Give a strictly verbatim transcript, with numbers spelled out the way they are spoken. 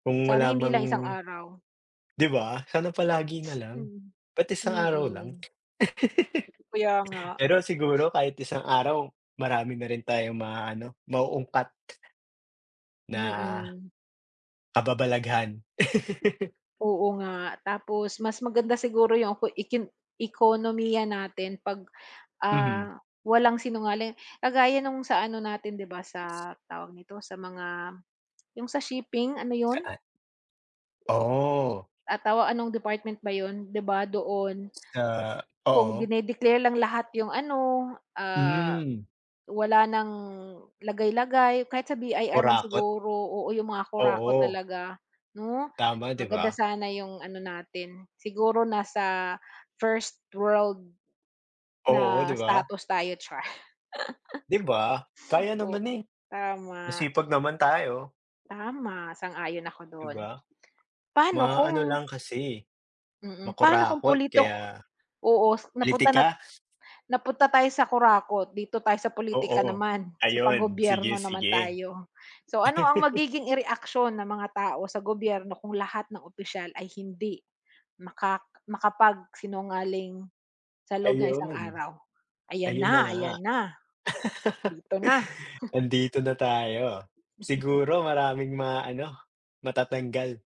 Kung Sana hindi malamang lang isang araw. 'di ba, sana palagi na lang. Mhm. Ba't isang araw lang? Mm. Kaya nga. Pero siguro kahit isang araw, marami na rin tayong maaano, mauungkat na, Mm. kababalaghan. Oo nga. Tapos, mas maganda siguro 'yong kung ekin ekonomiya natin pag, Mhm. ah, walang sinungaling. Kagaya no'ng sa ano natin, 'di ba, sa, tawag nito, sa mga, 'yong sa shipping, ano 'yon? Saa Oh. Ah, tawa ano'ng department ba 'yon, 'di ba, doon. Sa Kung oo. dine-declare lang lahat 'yong ano, ah, Hmm. wala ng lagay-lagay. Kahit sa B-I-R man Kurakot. siguro, oo, 'yong mga kurakot Oo. talaga, 'no. Tama, 'di Maganda ba? sana 'yong ano natin, siguro nasa first-world, Oo, na 'di ba? status tayo, char. 'Di ba, kaya O naman, eh. tama. Masipag naman tayo. Tama, sang-ayon ako 'Di do'n. ba? Pa'no Maaano kung lang kasi, mm, pa'no kung makurakot politoko, kaya oo, s napunta na Politika. napunta tayo sa kurakot, dito tayo sa pulitika Oo. naman, sa Ayun, sige, pang-gobyerno naman sige. tayo. So, ano ang magiging i-reaksyon ng mga tao sa gobyerno kung lahat ng opisyal ay hindi, makak makapagsinungaling, sa loob ng isang Ayun. araw? Ayan Ayun na na, nga. ayan na. Dito na. Nandito na tayo, siguro maraming maaano, matatanggal.